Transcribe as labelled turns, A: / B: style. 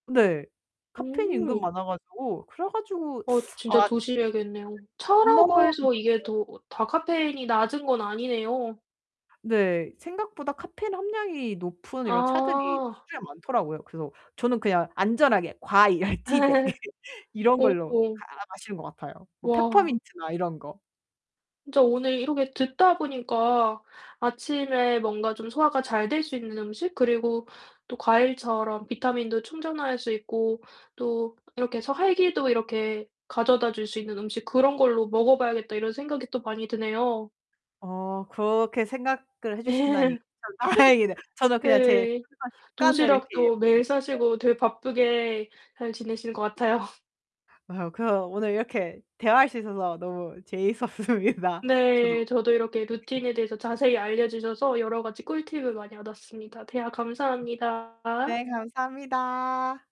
A: 네. 카페인이 은근
B: 음.
A: 많아 가지고 그래 가지고
B: 어 진짜
A: 아
B: 조심해야겠네요. 차라고 해서 이게
A: [unintelligible]
B: 더 다 카페인이 낮은 건 아니네요.
A: 네, 생각보다 카페인 함량이 높은 이런 차들이
B: 아.
A: 시중에 많더라고요. 그래서 저는 그냥 안전하게 과일 티백 이런 걸로
B: 오.
A: 다 마시는 것 같아요. 뭐
B: 와.
A: 페퍼민트나 이런 거.
B: 진짜 오늘 이렇게 듣다 보니까 '아침에 뭔가 좀 소화가 잘 될 수 있는 음식 그리고 또 과일처럼 비타민도 충전할 수 있고 또 이렇게 서 활기도 이렇게 가져다 줄 수 있는 음식 그런 걸로 먹어 봐야겠다.' 이런 생각이 또 많이 드네요.
A: 어 그렇게 생각을 해 주신다니
B: 네.
A: 참 다행이네. 저는 그냥 제
B: 네.
A: [unintelligible] 습관을 이렇게
B: 도시락도 매일
A: [unintelligible]
B: 싸시고 되게 바쁘게 잘 지내시는 것 같아요.
A: 어, 그래서 오늘 이렇게 대화할 수 있어서 너무 재밌었습니다. 저도
B: 네 저도 이렇게
A: 이렇게
B: 루틴에 대해서 자세히 알려 주셔서 여러 가지 꿀팁을 많이 얻었습니다. 대화 감사합니다.
A: 네 감사합니다.